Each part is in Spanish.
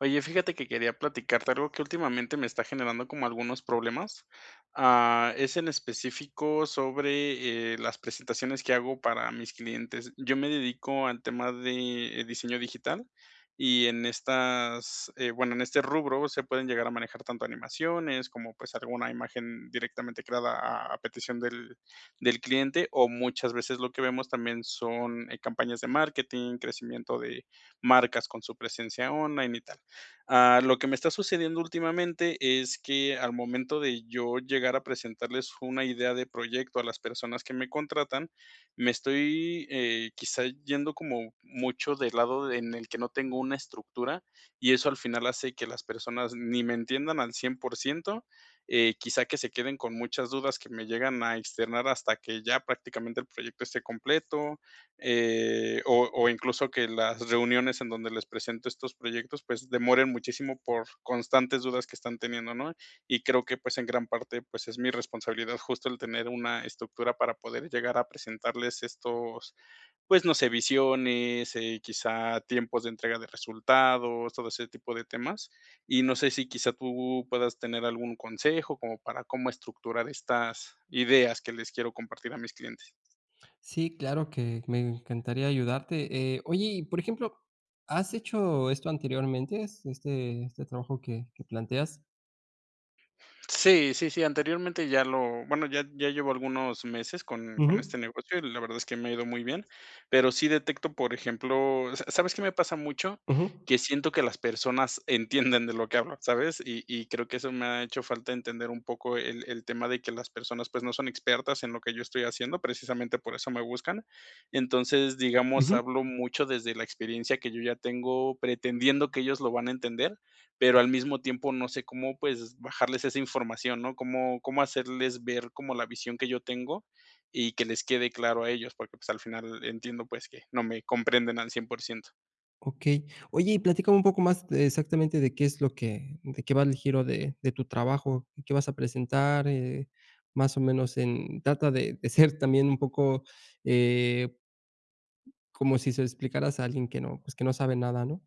Oye, fíjate que quería platicarte algo que últimamente me está generando como algunos problemas. Ah, es en específico sobre, eh, las presentaciones que hago para mis clientes. Yo me dedico al tema de diseño digital, y en estas, eh, bueno, en este rubro se pueden llegar a manejar tanto animaciones como, pues, alguna imagen directamente creada a a petición del del cliente, o muchas veces lo que vemos también son, eh, campañas de marketing, crecimiento de marcas con su presencia online y tal. Ah, lo que me está sucediendo últimamente es que al momento de yo llegar a presentarles una idea de proyecto a las personas que me contratan, me estoy, eh, quizá yendo como mucho del lado en el que no tengo una estructura, y eso al final hace que las personas ni me entiendan al 100%. Eh, quizá que se queden con muchas dudas que me llegan a externar hasta que ya prácticamente el proyecto esté completo, eh, o o incluso que las reuniones en donde les presento estos proyectos, pues, demoren muchísimo por constantes dudas que están teniendo, ¿no?, y creo que, pues, en gran parte, pues, es mi responsabilidad justo el tener una estructura para poder llegar a presentarles estos, pues, no sé, visiones, eh, quizá tiempos de entrega de resultados, todo ese tipo de temas. Y no sé si, quizá tú puedas tener algún consejo como para, cómo estructurar estas ideas que les quiero compartir a mis clientes. Sí, claro que me encantaría ayudarte. Eh, oye, y por ejemplo, ¿has hecho esto anteriormente, es este este trabajo que que planteas? Sí, sí, sí, anteriormente ya lo bueno, ya ya llevo algunos meses con con Ujú. este negocio y la verdad es que me ha ido muy bien. Pero sí detecto, por ejemplo, ¿sa sabes qué me pasa mucho?, Ujú. que siento que las personas entienden de lo que hablo, ¿sabes?, y y creo que eso me ha hecho falta entender un poco el el tema de que las personas, pues, no son expertas en lo que yo estoy haciendo. Precisamente, por eso me buscan. Entonces, digamos, Ujú. hablo mucho desde la experiencia que yo ya tengo, pretendiendo que ellos lo van a entender, pero al mismo tiempo no sé cómo, pues, bajarles esa información, ¿no?, cómo cómo hacerles ver como la visión que yo tengo, y que les quede claro a ellos, porque, pues, al final entiendo, pues, que no me comprenden al 100%. Okey. Oye y platícame un poco más de exactamente de qué es lo que, eh, de qué va el giro de de tu trabajo, y qué vas a presentar, eh, más o menos en trata de de ser también un poco, eh, como si se lo explicaras a alguien que no, pues, que no sabe nada, ¿no?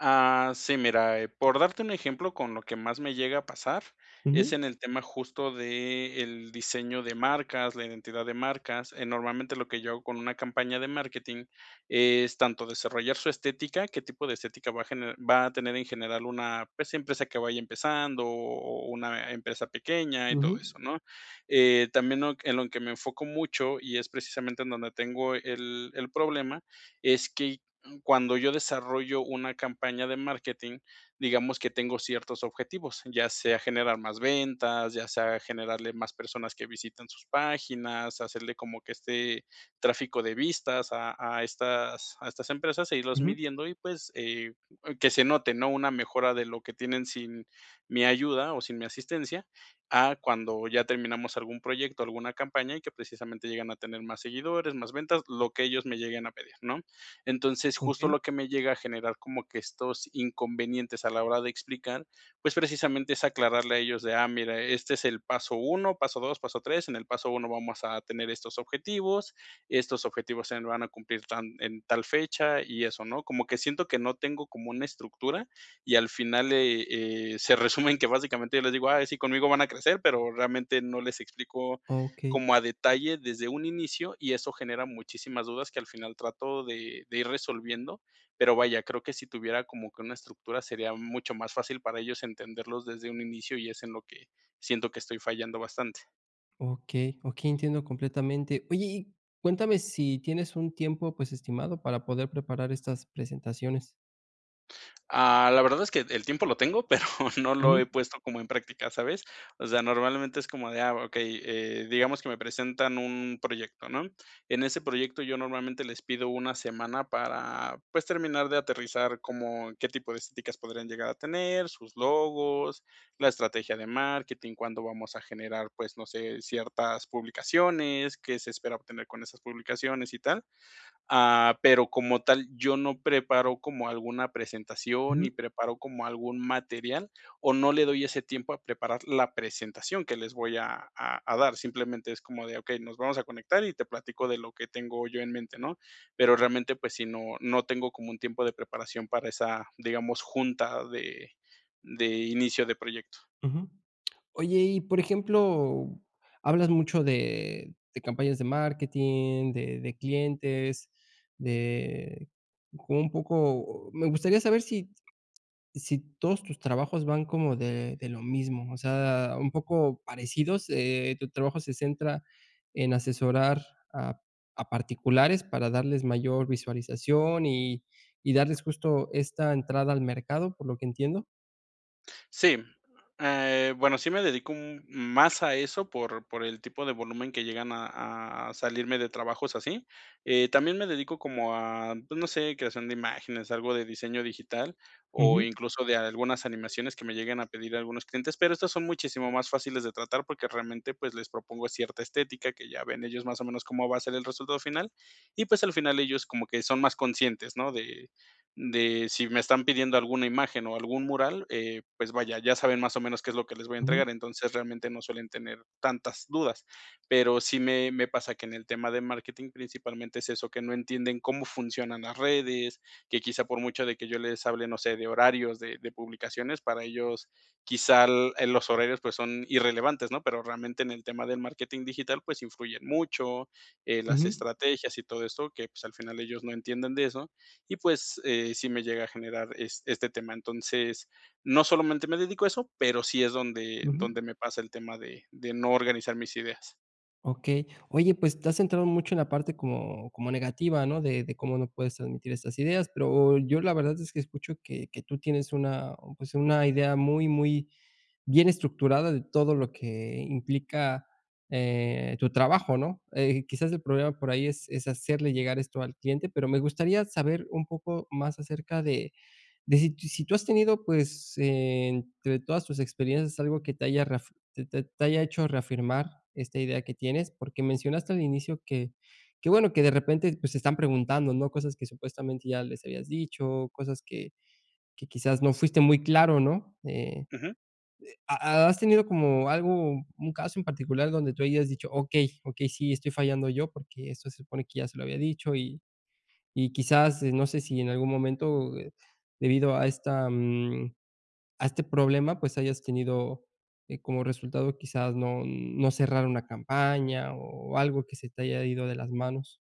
Ah, sí, mira, eh, por darte un ejemplo, con lo que más me llega a pasar, es Ujú. en el tema justo de el diseño de marcas, la identidad de marcas. Eh, normalmente, lo que yo hago con una campaña de marketing es tanto desarrollar su estética, qué tipo de estética va a gener va a tener en general una, pues, una empresa que vaya empezando o o o una empresa pequeña y todo Ujú. eso, ¿no?, eh, también en lo en lo que me enfoco mucho, y es precisamente, en donde tengo el el problema, es que, mm, cuando yo desarrollo una campaña de marketing, digamos que tengo ciertos objetivos, ya sea generar más ventas, ya sea generarle más personas que visitan sus páginas, hacerle como que este tráfico de vistas a a estas a estas empresas e irlos Ujú. midiendo y, pues, eh, que se note, ¿no?, una mejora de lo que tienen sin mi ayuda, o sin mi asistencia, a cuando ya terminamos algún proyecto, alguna campaña, y que precisamente llegan a tener más seguidores, más ventas, lo que ellos me lleguen a pedir, ¿no? Entonces, justo Okey. lo que me llega a generar como que estos inconvenientes a la hora de explicar, pues, precisamente es aclararle a ellos de: "Ah, mira, este es el paso 1 paso 2 paso 3 en el paso 1 vamos a tener estos objetivos, estos objetivos, o sea, se van a cumplir tan en tal fecha y eso", ¿no?, como que siento que no tengo, como una estructura, y al final, eh, eh, se resume en que básicamente yo les digo: "Ay, sí, conmigo van a crecer", pero realmente no les explico Okey. como a detalle desde un inicio, y eso genera muchísimas dudas, que al final trato de de ir resolviendo. Pero vaya, creo que si tuviera como que una estructura, sería mucho más fácil para ellos entenderlos desde un inicio, y es en lo que siento que estoy fallando bastante. Okey, okey, entiendo completamente. Oye, y cuéntame si, ¿tienes un tiempo pues estimado para poder preparar estas presentaciones? Ah, la verdad es que el tiempo lo tengo, pero no lo he Ujú. puesto como en práctica, ¿sabes?, o sea, normalmente es como de, ah, okey, eh, digamos que me presentan un proyecto, ¿no?, en ese proyecto yo normalmente les pido una semana para, pues terminar de aterrizar como qué tipo de estéticas podrían llegar a tener sus logos, la estrategia de marketing, cuándo vamos a generar, pues, no sé, ciertas publicaciones, qué se espera obtener con esas publicaciones y tal. Ah, pero como tal, yo no preparo como alguna presentación Ujú. ni preparo como algún material o no le doy ese tiempo a preparar la presentación que les voy a a a dar. Simplemente es como de, okey, nos vamos a conectar y te platico de lo que tengo yo en mente, ¿no?, pero realmente, pues sí, no no tengo como un tiempo de preparación para esa, digamos, junta de de inicio de proyecto. Ujú. Oye y por ejemplo, hablas mucho de de campañas de marketing, de de clientes, de un poco o me gustaría saber si si todos tus trabajos van como de de lo mismo. O sea, un poco parecidos. Eh, ¿tu trabajo se centra en asesorar a a particulares para darles mayor visualización y y darles justo esta entrada al mercado, por lo que entiendo? Sí. Eh, bueno, sí me dedico un más a eso por por el tipo de volumen que llegan a a a salirme de trabajos así. Eh, también me dedico como a, pues, no sé, creación de imágenes, algo de diseño digital o Ujú. incluso de algunas animaciones que me lleguen a pedir algunos clientes, pero estas son muchísimo más fáciles de tratar, porque realmente, pues, les propongo cierta estética, que ya ven ellos más o menos cómo va a ser el resultado final, y pues, al final ellos como que son más conscientes, ¿no?, de de si me están pidiendo alguna imagen o algún mural, eh, pues vaya, ya saben más o menos qué es lo que les voy a Ujú. entregar. Entonces, realmente no suelen tener tantas dudas. Pero sí me me pasa que en el tema de marketing principalmente es eso, que no entienden cómo funcionan las redes, que quizá por mucho de que yo les hable, no sé, de horarios de de publicaciones, para ellos quizá, eh, los horarios, pues, son irrelevantes, ¿no? Pero realmente en el tema del marketing digital, pues influyen mucho, eh, las Ujú. estrategias y todo eso, que, pues al final ellos no entienden de eso. Y pues, eh, sí me llega a generar este tema. Entonces, no solamente me dedico a eso, pero sí es donde Ujú. donde me pasa el tema de de no organizar mis ideas. Okey. Oye, pues te has centrado mucho en la parte como como negativa, ¿no? De de cómo no puedes transmitir estas ideas. Pero yo, la verdad, es que escucho que que tú tienes una, pues, una idea muy, muy bien estructurada de todo lo que implica, eh, tu trabajo, ¿no? Eh, quizás el problema por ahí es es hacerle llegar esto al cliente, pero me gustaría saber un poco más acerca de de si tú has tenido, pues, entre todas tus experiencias, algo que te haya reaf te te te haya hecho reafirmar esta idea que tienes. Porque mencionaste al inicio que que bueno que de repente, pues, te están preguntando, ¿no? Cosas que supuestamente ya les habías dicho, cosas que que quizás no fuiste muy claro, ¿no? Eh, Ujú. ¿ha has tenido como algo un caso en particular donde tú hayas dicho: "Okey, okey. Sí, estoy fallando yo, porque eso se supone que ya se lo había dicho", y y quizás no sé si en algún momento, eh, debido a esta mm, a este problema, pues hayas tenido como resultado quizás no no cerrar una campaña o algo que se te haya ido de las manos?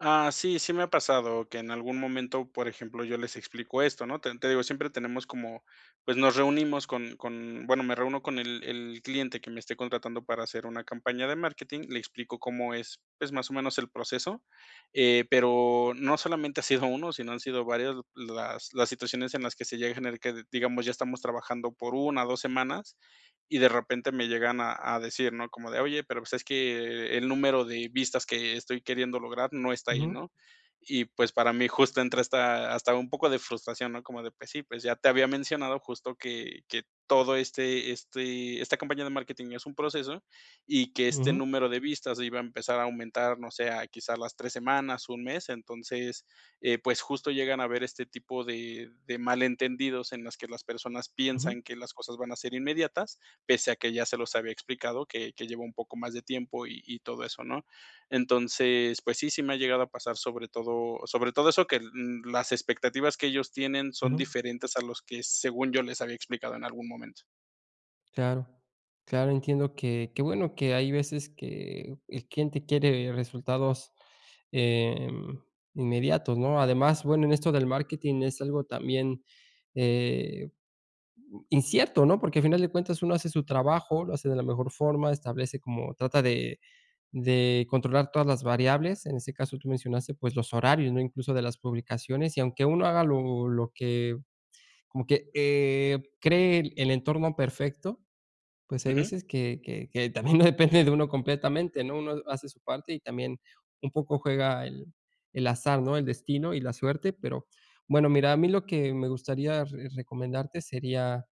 Ah, sí. Sí me ha pasado que en algún momento, por ejemplo, yo les explico esto, ¿no? Te te digo, siempre tenemos como pues nos reunimos con con, bueno, me reúno con el el cliente que me esté contratando para hacer una campaña de marketing, le explico cómo es, pues más o menos el proceso. Eh, pero no solamente ha sido uno, sino han sido varias las las situaciones en las que se llega en la que digamos, ya estamos trabajando por 1 2 semanas, y de repente me llegan a a decir, ¿no?, como de: "Oye, pero, pues, es que el número de vistas que estoy queriendo lograr no está ahí", Ujú. ¿no? Y, pues, para mí justo entra esta, hasta un poco de frustración, ¿no? Como de: "Pues, sí, pues, ya te había mencionado justo que que todo este este esta campaña de marketing es un proceso, y que este Ujú. número de vistas iba a empezar a aumentar, no sé, a quizás las 3 semanas, 1 mes". Entonces, pues justo llegan a haber este tipo de de malentendidos en las que las personas Ujú. piensan que las cosas van a ser inmediatas, pese a que ya se los había explicado, que que lleva un poco más de tiempo y y todo eso, ¿no? Entonces, pues sí, sí me ha llegado a pasar sobre todo sobre todo eso, que l l las expectativas que ellos tienen son Ujú. diferentes a los que según yo les había explicado en algún momento. Claro. Claro, entiendo que, qué bueno que hay veces que el cliente quiere resultados, eh, inmediatos, ¿no? Además, bueno, en esto del marketing es algo también, eh, incierto, ¿no? Porque al final de cuentas uno hace su trabajo, lo hace de la mejor forma, establece como trata de de controlar todas las variables. En ese caso, tú mencionaste, pues los horarios, ¿no? Incluso de las publicaciones. Y aunque uno haga lo lo que como que, eh, cree el entorno perfecto, pues hay Ujú. veces que que que también no depende de uno completamente, ¿no? Uno hace su parte y también un poco juega el el azar, ¿no? El destino y la suerte. Pero bueno, mira, a mí lo que me gustaría re recomendarte sería,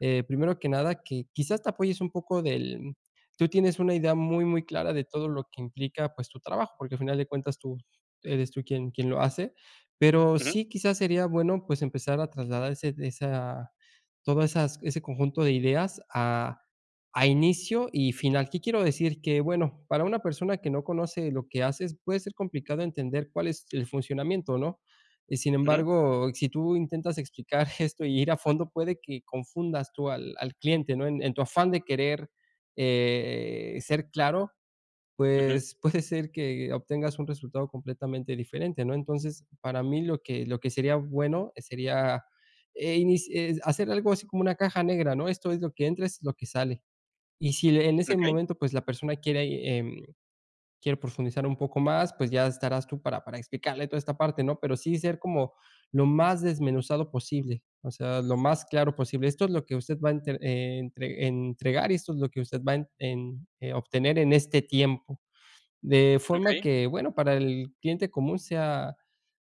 eh, primero que nada, que quizás te apoyes un poco del tú tienes una idea muy, muy clara de todo lo que implica, pues tu trabajo, porque al final de cuentas tú, eres tú quien quien lo hace. Pero Ujú. sí quizás sería bueno, pues, empezar a trasladar ese esa todo esas ese conjunto de ideas a a inicio y final. ¿Qué quiero decir? Que bueno, para una persona que no conoce lo que haces, puede ser complicado entender cuál es el funcionamiento, ¿no? Y sin Ujú. embargo, si tú intentas explicar esto y ir a fondo, puede que confundas tú al al cliente, ¿no? En en tu afán de querer, eh, ser claro, Ujú. pues puede ser que obtengas un resultado completamente diferente, ¿no? Entonces, para mí lo que lo que sería bueno sería, eh, inic eh, hacer algo así como una caja negra, ¿no? Esto es lo que entra, es lo que sale. Y si en ese Okey. momento, pues la persona quiere, eh, quiere profundizar un poco más, pues ya estarás tú para para explicarle toda esta parte, ¿no? Pero sí ser como lo más desmenuzado posible, o sea, lo más claro posible. Esto es lo que usted va a entre eh, en entre entregar y esto es lo que usted va en eh, a obtener en este tiempo. De forma Okey. que, bueno, para el cliente común sea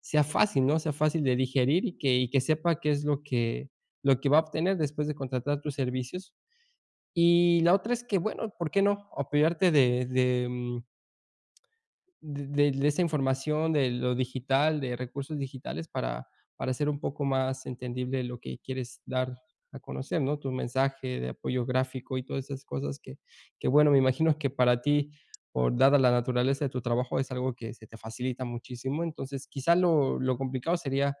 sea fácil, ¿no? Sea fácil de digerir y que y que sepa qué es lo que lo que va a obtener después de contratar tus servicios. Y la otra es que, bueno, ¿por qué no?, apoyarte de de, mm, del de de esa información, de lo digital, de recursos digitales para para ser un poco más entendible lo que quieres dar a conocer, ¿no? Tu mensaje de apoyo gráfico y todas esas cosas que que, bueno, me imagino que para ti, por, dada la naturaleza de tu trabajo, es algo que se te facilita muchísimo. Entonces quizá lo lo complicado sería,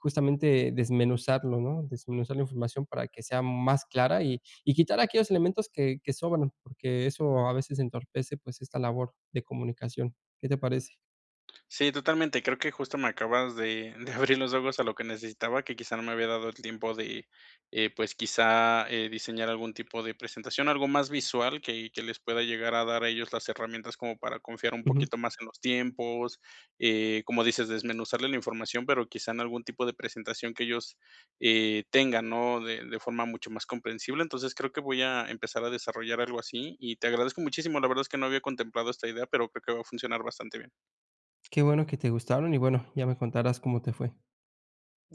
justamente desmenuzarlo, ¿no? Desmenuzar la información para que sea más clara y y quitar aquellos elementos que que sobran, porque eso a veces entorpece, pues, esta labor de comunicación. ¿Qué te parece? Sí, totalmente. Creo que justo me acabas de de abrir los ojos a lo que necesitaba, que quizá no me había dado el tiempo de, eh, pues, quizá, eh, diseñar algún tipo de presentación, algo más visual que que les pueda llegar a dar a ellos las herramientas como para confiar un Ujú. poquito más en los tiempos. Eh, como dices, desmenuzarle la información, pero quizá en algún tipo de presentación que ellos, eh, tengan, ¿no? De de forma mucho más comprensible. Entonces, creo que voy a empezar a desarrollar algo así. Y te agradezco muchísimo. La verdad es que no había contemplado esta idea, pero que creo que va a funcionar bastante bien. Qué bueno que te gustaron y, bueno, ya me contarás cómo te fue.